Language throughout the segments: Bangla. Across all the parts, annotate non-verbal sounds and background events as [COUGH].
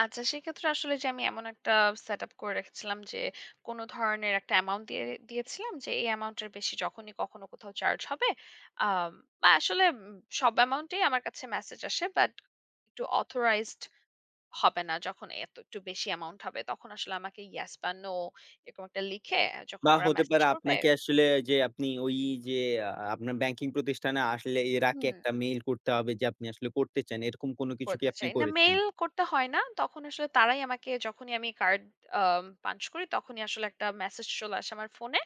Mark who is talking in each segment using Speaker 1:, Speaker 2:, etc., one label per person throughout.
Speaker 1: আচ্ছা, সেক্ষেত্রে আসলে যে আমি এমন একটা সেটআপ করে রেখেছিলাম যে, কোনো ধরনের একটা অ্যামাউন্ট দিয়ে দিয়েছিলাম যে, এই অ্যামাউন্ট এর বেশি যখনই কখনো কোথাও চার্জ হবে। আম আসলে উম সব অ্যামাউন্টই আমার কাছে মেসেজ আসে বাট, একটু অথরাইজড হবে না। যখন এত একটু বেশি অ্যামাউন্ট হবে। তখন আসলে আমাকে ইয়েস বা নো এরকম একটা লিখে, যখন
Speaker 2: বা
Speaker 1: ওরা
Speaker 2: হতে
Speaker 1: মেসেজ
Speaker 2: পারে
Speaker 1: করবে
Speaker 2: আপনাকে আসলে যে আপনি ওই যে আ আপনার ব্যাংকিং প্রতিষ্ঠানে আসলে এর আগে
Speaker 1: হুম।
Speaker 2: একটা মেইল করতে হবে যে, আপনি আসলে করতে চান। এরকম কোন কিছু কি
Speaker 1: করতে
Speaker 2: আপনি
Speaker 1: চাই। না,
Speaker 2: করেছেন?
Speaker 1: মেইল করতে হয় না। তখন আসলে তারাই আমাকে যখনই আমি কার্ড আম পাঞ্চ করি তখনই আসলে একটা মেসেজ চলে আসে আমার ফোনে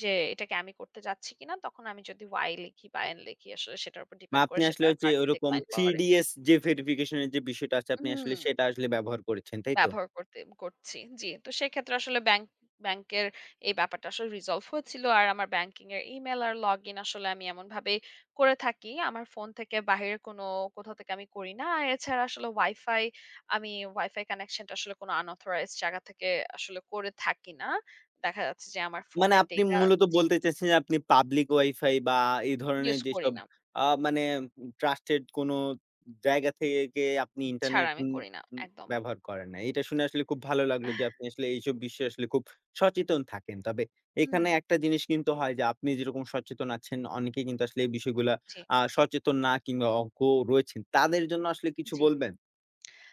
Speaker 1: যে, "এটাকে আমি করতে যাচ্ছি কিনা?" তখন আমি যদি Y লিখি বা N লিখি আসলে সেটার উপর
Speaker 2: বা
Speaker 1: ডিপেন্ড করে,
Speaker 2: আপনি
Speaker 1: সেটা
Speaker 2: আসলে হচ্ছে
Speaker 1: কার্ডটা
Speaker 2: ওরকম
Speaker 1: ডিপেনড করে।
Speaker 2: 3DS যে ভেরিফিকেশন এর যে বিষয়টা আছে, আপনি আসলে
Speaker 1: হুম।
Speaker 2: সেটা আসলে ব্যবহার করেছেন। তাইতো?
Speaker 1: ব্যবহার করতে করছি। জ্বি। তো সেক্ষেত্রে আসলে ব্যাংক ব্যাংকের এই ব্যাপারটা আসলে রিজলভ হয়েছিল। আর আমার ব্যাংকিং এর ইমেইল আর লগইন আসলে আমি এমনভাবে করে থাকি। আমার ফোন থেকে বাইরে কোনো, কোথাও থেকে আমি করি না। আর এছাড়া আসলে ওয়াইফাই, আমি ওয়াইফাই কানেকশন টা আসলে কোনো আনঅথরাইজড জায়গা থেকে আসলে করে থাকি না। দেখা যাচ্ছে যে আমার
Speaker 2: মানে
Speaker 1: ফোনের
Speaker 2: আপনি
Speaker 1: ডাটা
Speaker 2: মূলত
Speaker 1: জি।
Speaker 2: বলতে চাইছেন যে, আপনি পাবলিক ওয়াইফাই বা এই ধরনের
Speaker 1: ইউজ করি
Speaker 2: যেসব
Speaker 1: না।
Speaker 2: আ মানে, ট্রাস্টেড কোনো জায়গা থেকে আপনি
Speaker 1: ছাড়া
Speaker 2: ইন্টারনেট
Speaker 1: আমি
Speaker 2: উম
Speaker 1: করি না।
Speaker 2: উম
Speaker 1: একদম।
Speaker 2: ব্যবহার করেন না। এটা শুনে আসলে খুব ভালো লাগলো যে,
Speaker 1: [CHUCKLES]
Speaker 2: আপনি আসলে এইসব বিষয়ে আসলে খুব সচেতন থাকেন। তবে এখানে
Speaker 1: হুম।
Speaker 2: একটা জিনিস কিন্তু হয় যে, আপনি যেরকম সচেতন আছেন অনেকেই কিন্তু আসলে এই বিষয়গুলা,
Speaker 1: জি।
Speaker 2: আ সচেতন না কিংবা অজ্ঞ রয়েছেন। তাদের জন্য আসলে কিছু
Speaker 1: জি।
Speaker 2: বলবেন?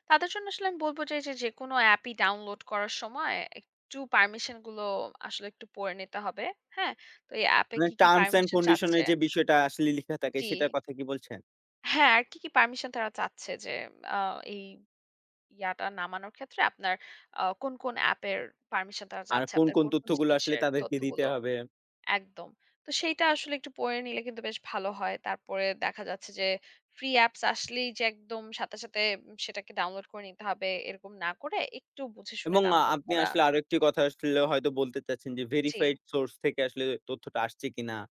Speaker 1: তাদের জন্য আসলে আমি বলব যে, যে যেকোনো এ্যাপই ডাউনলোড করার সময়, একটু পারমিশন গুলো আসলে একটু পড়ে নিতে হবে। হ্যাঁ? তো এই এ্যাপে
Speaker 2: মানে
Speaker 1: কি, কি
Speaker 2: টার্মস অ্যান্ড
Speaker 1: পারমিশন
Speaker 2: কন্ডিশন
Speaker 1: চাচ্ছে
Speaker 2: এর যে বিষয়টা আসলে লিখা থাকে
Speaker 1: জি।
Speaker 2: সেটার কথা কি বলছেন?
Speaker 1: হ্যাঁ, আর কি, কি পারমিশন তারা চাচ্ছে যে, আ এই ইয়াটা নামানোর ক্ষেত্রে আপনার আ কোন, কোন অ্যাপের পারমিশন তারা
Speaker 2: আর
Speaker 1: চাচ্ছে।
Speaker 2: কোন
Speaker 1: আপনার
Speaker 2: কোন
Speaker 1: কোন,
Speaker 2: তথ্য
Speaker 1: কোন
Speaker 2: গুলো আসলে
Speaker 1: জিনিসের
Speaker 2: তাদেরকে দিতে
Speaker 1: তথ্যগুলো
Speaker 2: হবে?
Speaker 1: একদম। তো সেইটা আসলে একটু পড়ে নিলে কিন্তু বেশ ভালো হয়। তারপরে দেখা যাচ্ছে যে, ফ্রি অ্যাপস আসলেই যে একদম সাথে, সাথে সেটাকে ডাউনলোড করে নিতে হবে। এরকম না করে, একটু বুঝেশুনে
Speaker 2: এবং
Speaker 1: ডাউনলোড
Speaker 2: আপনি
Speaker 1: করা।
Speaker 2: আসলে আরেকটি কথা আসলে হয়তো বলতে চাচ্ছেন যে,
Speaker 1: জি।
Speaker 2: ভেরিফাইড সোর্স থেকে আসলে তথ্যটা আসছে কিনা?